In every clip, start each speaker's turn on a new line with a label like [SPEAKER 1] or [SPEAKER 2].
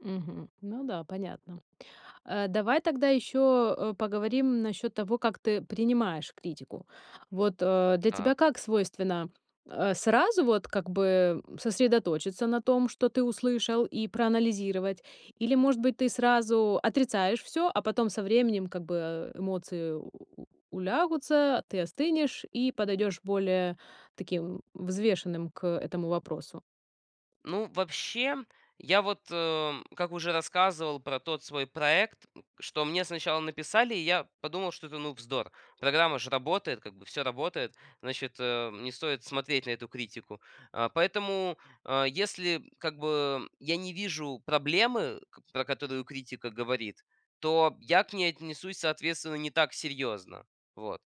[SPEAKER 1] Мгм. Ну да, понятно. Э, давай тогда ещё, э, поговорим насчёт того, как ты принимаешь критику. Вот, э, для тебя
[SPEAKER 2] Так.
[SPEAKER 1] как свойственно, э, сразу вот как бы сосредоточиться на том, что ты услышал, и проанализировать? Или, может быть, ты сразу отрицаешь всё, а потом со временем как бы эмоции улягутся, ты остынешь и подойдёшь более таким взвешенным к этому вопросу?
[SPEAKER 2] Ну вообще, я вот, э, как уже рассказывал про тот свой проект, что мне сначала написали, я подумал, что это, ну, вздор, программа же работает, как бы всё работает, значит, э, не стоит смотреть на эту критику, а. Поэтому, а, если, как бы, я не вижу проблемы, ка про которую критика говорит, то я к ней отнесусь, соответственно, не так серьезно. Вот,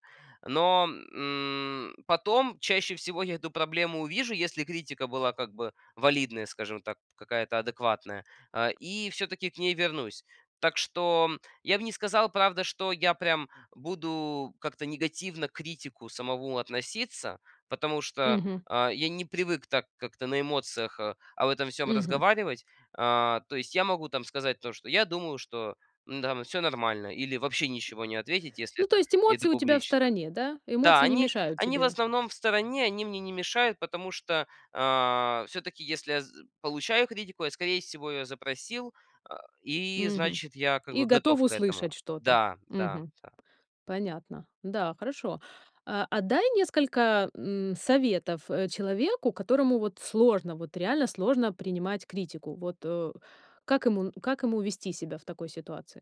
[SPEAKER 2] но, м, потом чаще всего я эту проблему увижу, если критика была, как бы, валидная, скажем так, какая-то адекватная, а, и всё-таки к ней вернусь. Так что я бы не сказал, правда, что я прям буду как-то негативно к критику самому относиться, потому что,
[SPEAKER 1] Мгм.
[SPEAKER 2] а, я не привык так как-то на эмоциях, э, об этом всём
[SPEAKER 1] Мгм.
[SPEAKER 2] разговаривать. А, то есть я могу там сказать то, что я думаю, что, м, там всё нормально или вообще ничего не ответить, если
[SPEAKER 1] Ну, то
[SPEAKER 2] это
[SPEAKER 1] есть
[SPEAKER 2] и это
[SPEAKER 1] эмоции у тебя в
[SPEAKER 2] публично.
[SPEAKER 1] стороне, да?
[SPEAKER 2] Да,
[SPEAKER 1] Эмоции не
[SPEAKER 2] они
[SPEAKER 1] мешают
[SPEAKER 2] они в
[SPEAKER 1] тебе.
[SPEAKER 2] основном в стороне, они мне не мешают, потому что, а, всё-таки если я з получаю критику, я, скорее всего, её запросил, э, и
[SPEAKER 1] Мгм.
[SPEAKER 2] значит я, как
[SPEAKER 1] И
[SPEAKER 2] бы,
[SPEAKER 1] готов
[SPEAKER 2] готов к этому.
[SPEAKER 1] услышать что-то.
[SPEAKER 2] Да, да,
[SPEAKER 1] Мгм.
[SPEAKER 2] да, да.
[SPEAKER 1] Понятно. Да, хорошо, э. А дай несколько, м, советов, э, человеку, которому вот сложно, вот реально сложно принимать критику. Вот, э, как ему как ему вести себя в такой ситуации?